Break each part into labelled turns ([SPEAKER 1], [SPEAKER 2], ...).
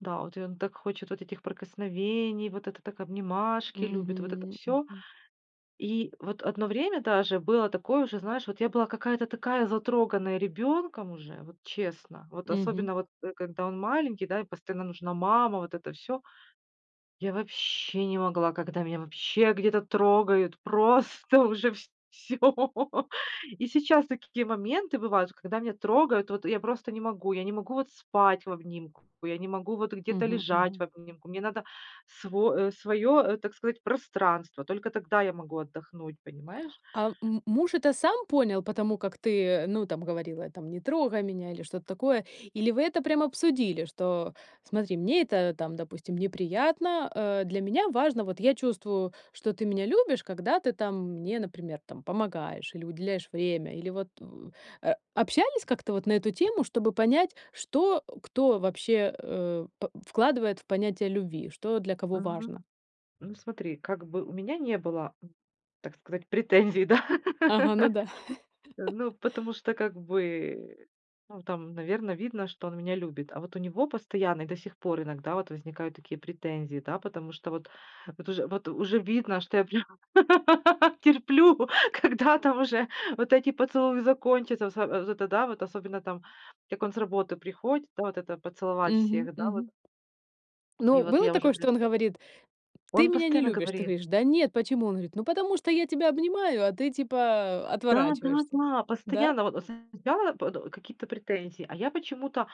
[SPEAKER 1] Да, в эт он так хочет вот этих прикосновений, вот это так обнимашки любит, вот это
[SPEAKER 2] Мгм,
[SPEAKER 1] всё.
[SPEAKER 2] мгм.
[SPEAKER 1] И вот одно время даже было такое уже, знаешь, вот я была какая-то такая затроганная ребенком уже, вот честно, вот
[SPEAKER 2] Мгм.
[SPEAKER 1] особенно, вот, э, когда он маленький, да, и постоянно нужна мама, вот это всё. Я вообще не могла, когда меня вообще где-то трогают, просто уже вс всё. И сейчас такие моменты бывают, когда меня трогают, вот я просто не могу, я не могу вот спать в обнимку, я не могу вот где-то
[SPEAKER 2] Мгм,
[SPEAKER 1] лежать
[SPEAKER 2] мгм.
[SPEAKER 1] в обнимку. Мне надо сво своё, э, так сказать, пространство. Только тогда я могу отдохнуть, понимаешь?
[SPEAKER 2] Ам, м муж это сам понял по тому, как ты, э, ну, там говорила, там: "Не трогай меня" или что-то такое? Или вы это прям обсудили, что: "Смотри, мне это там, допустим, неприятно, э, для меня важно, вот я чувствую, что ты меня любишь, когда ты там мне, например, там помогаешь или уделяешь время"? Или вот, э, общались как-то вот на эту тему, чтобы понять, что кто вообще, э, по вкладывает в понятие любви, что для кого
[SPEAKER 1] Мгм.
[SPEAKER 2] важно.
[SPEAKER 1] Ну, смотри, как бы у меня не было, так сказать, претензий, да.
[SPEAKER 2] Ага, ну да.
[SPEAKER 1] Э, ну, потому что, как бы, ну, там, наверно, видно, что он меня любит. А вот у него постоянно и до сих пор иногда вот возникают такие претензии, да. Потому что вот вот уж вот уже видно, что я прям терплю, когда там уже вот эти поцелуи закончатся. Вот с вот это да, особенно там, как он с работы приходит, да, вот это поцеловать
[SPEAKER 2] Мгм,
[SPEAKER 1] всех, да, вот.
[SPEAKER 2] мгм.
[SPEAKER 1] И
[SPEAKER 2] Ну,
[SPEAKER 1] вот
[SPEAKER 2] было
[SPEAKER 1] я уже
[SPEAKER 2] такое, что
[SPEAKER 1] прям
[SPEAKER 2] он говорит: "Ты
[SPEAKER 1] Он
[SPEAKER 2] меня не
[SPEAKER 1] постоянно
[SPEAKER 2] любишь". Ты
[SPEAKER 1] говорит.
[SPEAKER 2] говоришь: "Да нет, почему?" Он говорит: "Ну, потому что я тебя обнимаю, а ты, типа, отворачиваешься".
[SPEAKER 1] Да-да-да.
[SPEAKER 2] Да?
[SPEAKER 1] Постоянно. Вот, э, см я пот э, какие-то претензии. А я почему-то,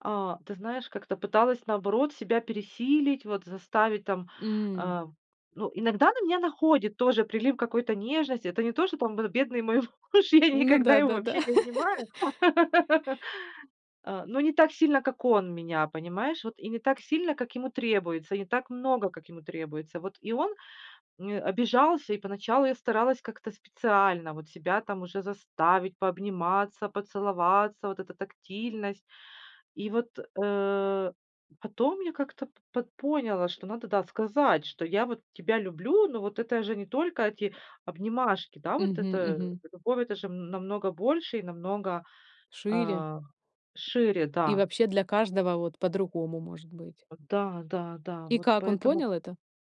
[SPEAKER 1] а, ты знаешь, как-то пыталась, наоборот, себя пересилить, вот, заставить там,
[SPEAKER 2] М.
[SPEAKER 1] а. Ну, иногда на меня находит тоже прилив какой-то нежности. Это не то, что там вот, бедный мой муж, я
[SPEAKER 2] Ну
[SPEAKER 1] никогда его
[SPEAKER 2] да-да-да.
[SPEAKER 1] вообще не обнимаю, а, но не так сильно, как он меня, понимаешь. Вот, и не так сильно, как ему требуется, и не так много, как ему требуется. Вот, и он, э, обижался, и поначалу я старалась как-то специально вот себя там уже заставить пообниматься, поцеловаться, вот эта тактильность. И вот, э, потом я как-то пот поняла, что надо, да, сказать, что я вот тебя люблю, но вот это же не только эти обнимашки, да, вот
[SPEAKER 2] Мгм,
[SPEAKER 1] это, э,
[SPEAKER 2] мгм.
[SPEAKER 1] любовь- это же намного больше и намного,
[SPEAKER 2] Шире.
[SPEAKER 1] а, шире,
[SPEAKER 2] И
[SPEAKER 1] да.
[SPEAKER 2] вообще, для каждого, вот, по-другому может быть.
[SPEAKER 1] Вот да-да-да.
[SPEAKER 2] И
[SPEAKER 1] Вот
[SPEAKER 2] как он
[SPEAKER 1] поэтому
[SPEAKER 2] понял это?